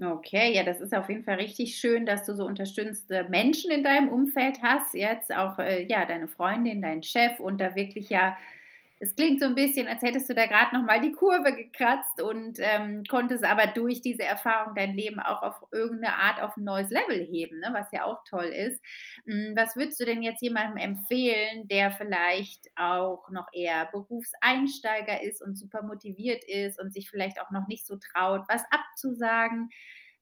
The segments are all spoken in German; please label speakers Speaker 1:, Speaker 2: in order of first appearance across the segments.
Speaker 1: Okay, ja, das ist auf jeden Fall richtig schön, dass du so unterstützende Menschen in deinem Umfeld hast jetzt, auch, äh, ja, deine Freundin, dein Chef und da wirklich ja es klingt so 'n bisschen, als hättest du da grad noch mal die Kurve gekratzt und, ähm, konntest aber durch diese Erfahrung dein Leben auch auf irgend 'ne Art auf 'n neues Level heben, ne, was ja auch toll ist. Hm, was würdest du denn jetzt jemandem empfehlen, der vielleicht auch noch eher Berufseinsteiger ist und supermotiviert ist und sich vielleicht auch noch nicht so traut, was abzusagen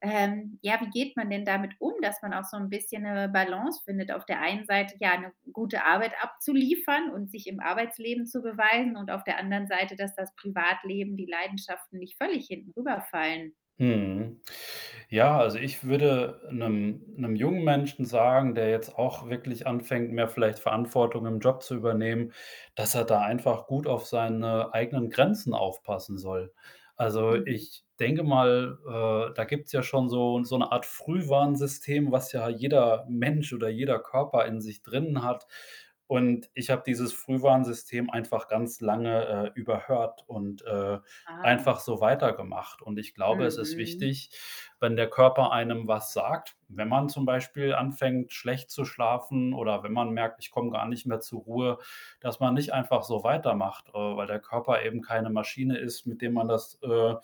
Speaker 1: ähm, ja, wie geht man denn damit um, dass man auch so 'n bisschen 'ne Balance findet? Auf der einen Seite, ja, 'ne gute Arbeit abzuliefern und sich im Arbeitsleben zu beweisen und auf der anderen Seite, dass das Privatleben die Leidenschaften nicht völlig hinten rüber fallen?
Speaker 2: Mhm. Ja, also, ich würde, 'nem 'nem jungen Menschen sagen, der jetzt auch wirklich anfängt, mehr vielleicht Verantwortung im Job zu übernehmen, dass er da einfach gut auf seine eigenen Grenzen aufpassen soll. Also,
Speaker 1: Mhm.
Speaker 2: ich denke mal, äh, da gibt's ja schon so 'n so 'ne Art Frühwarnsystem, was ja jeder Mensch oder jeder Körper in sich drinnen hat und ich habe dieses Frühwarnsystem einfach ganz lange, äh, überhört und, äh,
Speaker 1: Ah.
Speaker 2: einfach so weitergemacht und ich glaube, es ist
Speaker 1: Mhm.
Speaker 2: wichtig, wenn der Körper einem was sagt wenn man zum Beispiel anfängt, schlecht zu schlafen oder wenn man merkt: „Ich komme gar nicht mehr zur Ruhe“, dass man nicht einfach so weitermacht, äh, weil der Körper eben keine Maschine ist, mit dem man das, äh,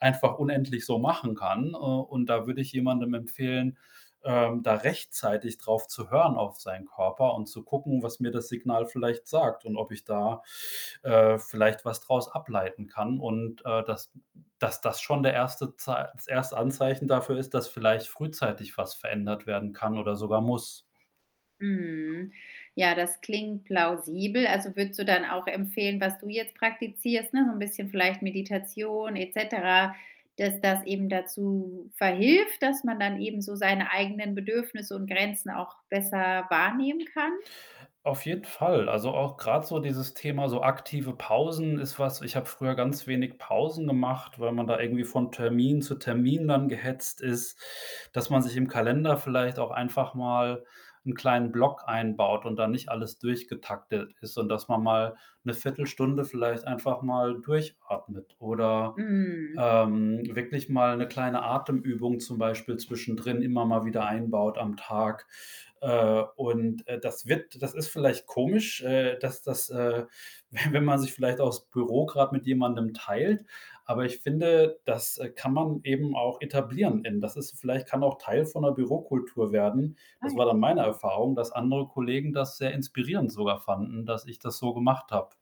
Speaker 2: einfach unendlich so machen kann. Äh, und da würde ich jemandem empfehlen, ähm, da rechtzeitig drauf zu hören auf seinen Körper und zu gucken, was mir das Signal vielleicht sagt und ob ich da, äh, vielleicht was draus ableiten kann und, äh, dass dass das schon der 1. Zei das 1. Anzeichen dafür ist, dass vielleicht frühzeitig was verändert werden kann oder sogar muss.
Speaker 1: Mhm. Ja, das klingt plausibel. Also, würdest du dann auch empfehlen, was du jetzt praktizierst, ne? So 'n bisschen vielleicht Meditation et cetera dass das eben dazu verhilft, dass man dann eben so seine eigenen Bedürfnisse und Grenzen auch besser wahrnehmen kann?
Speaker 2: Auf jeden Fall. Also, auch grad so dieses Thema so aktive Pausen ist was ich habe früher ganz wenig Pausen gemacht, weil man da irgendwie von Termin zu Termin dann gehetzt ist, dass man sich im Kalender vielleicht auch einfach mal 'n kleinen Block einbaut und da nicht alles durchgetaktet ist und, dass man mal 'ne Viertelstunde vielleicht einfach mal durchatmet oder,
Speaker 1: Mhm.
Speaker 2: ähm, wirklich mal 'ne kleine Atemübung zum Beispiel zwischendrin immer mal wieder einbaut am Tag, äh, und, äh, das wird das ist vielleicht komisch, äh, dass das, äh we wenn man sich vielleicht auch das Büro gerade mit jemandem teilt, aber ich finde, das, äh, kann man eben auch etablieren in das ist vielleicht kann auch Teil von 'ner Bürokultur werden. Das
Speaker 1: [unintelligible]
Speaker 2: war dann meine
Speaker 1: Mhm.
Speaker 2: Erfahrung, dass andere Kollegen das sehr inspirierend sogar fanden, dass ich das so gemacht habe.